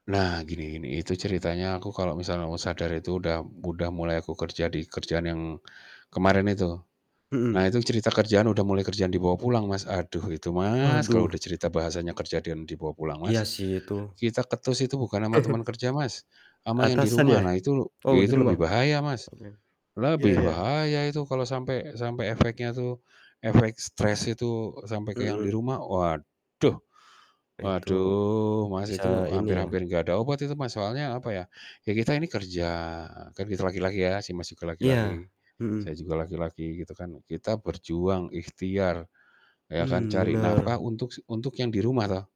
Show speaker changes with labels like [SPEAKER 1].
[SPEAKER 1] Nah, gini gini. Itu ceritanya aku kalau misalnya aku sadar itu udah udah mulai aku kerja di kerjaan yang kemarin itu. Nah
[SPEAKER 2] Mhm.
[SPEAKER 1] itu cerita kerjaan udah mulai kerjaan dibawa pulang, Mas. Aduh itu, Mas, kalau
[SPEAKER 2] Waduh.
[SPEAKER 1] udah cerita bahasannya kerja dan dibawa pulang,
[SPEAKER 2] Iya
[SPEAKER 1] Mas,
[SPEAKER 2] sih, itu
[SPEAKER 1] kita ketus itu bukan ama teman kerja, Mas, ama yang di
[SPEAKER 2] Atasan
[SPEAKER 1] rumah.
[SPEAKER 2] ya?
[SPEAKER 1] Nah itu
[SPEAKER 2] Oh, di
[SPEAKER 1] itu
[SPEAKER 2] rumah.
[SPEAKER 1] lebih bahaya, Mas,
[SPEAKER 2] Oke. Iya
[SPEAKER 1] lebih
[SPEAKER 2] iya.
[SPEAKER 1] bahaya itu kalau sampai sampai efeknya tuh efek stres itu sampai ke yang di
[SPEAKER 2] Mhm.
[SPEAKER 1] rumah. Waduh,
[SPEAKER 2] Itu.
[SPEAKER 1] waduh, Mas, itu
[SPEAKER 2] Bisa
[SPEAKER 1] hampir
[SPEAKER 2] ini, ya.
[SPEAKER 1] hampir nggak ada obat itu, Mas, soalnya apa, ya. Ya kita ini kerja, kan kita laki-laki ya, si Mas juga
[SPEAKER 2] Iya.
[SPEAKER 1] laki-laki, saya
[SPEAKER 2] Mhm.
[SPEAKER 1] juga laki-laki gitu kan. Kita berjuang, ikhtiar, ya kan,
[SPEAKER 2] Mmm,
[SPEAKER 1] cari nafkah
[SPEAKER 2] bener.
[SPEAKER 1] untuk si untuk yang di rumah toh.